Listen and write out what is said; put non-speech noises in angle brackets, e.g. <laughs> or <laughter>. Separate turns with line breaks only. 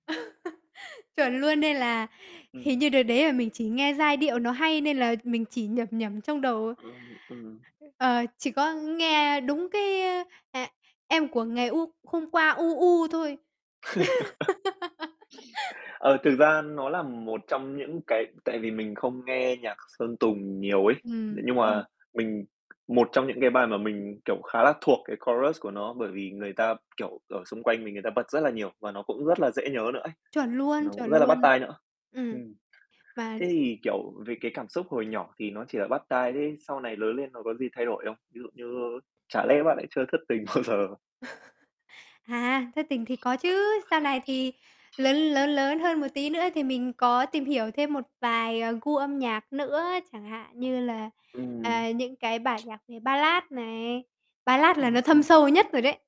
<laughs> Chuẩn luôn, nên là hình
Ừm.
như đợt đấy là mình chỉ nghe giai điệu nó hay nên là mình chỉ nhẩm nhẩm trong đầu.
Ừm, ừm.
Ờ, chỉ có nghe đúng cái, ơ, ờ: "Em của ngày u hôm qua, u, u" thôi.
<laughs>
<laughs>
Ờ, thực ra nó là một trong những cái tại vì mình không nghe nhạc Sơn Tùng nhiều ấy.
Ừm,
Nhưng
ừm.
mà mình một trong những cái bài mà mình, kiểu, khá là thuộc cái chorus của nó, bởi vì người ta, kiểu, ở xung quanh mình người ta bật rất là nhiều và nó cũng rất là dễ nhớ nữa ấy.
Chuẩn luôn,
Nó cũng
chuẩn
rất là bắt
luôn,
tai nữa.
ừm,
Ừm.
mà
Thế thì, kiểu, về cái cảm xúc hồi nhỏ thì nó chỉ là bắt tai, thế sau này lớn lên nó có gì thay đổi không? Ví dụ như chả lẽ bạn lại chưa thất tình bao giờ?
<laughs> À, thất tình thì có chứ. Sau này thì lớn lớn lớn hơn một tí nữa thì mình có tìm hiểu thêm một vài, ờ, gu âm nhạc nữa. Chẳng hạn như là,
Ừm.
à, những cái bản nhạc về Ballad này, Ballad là
Ừm,
nó thâm
ừm.
sâu nhất rồi đấy.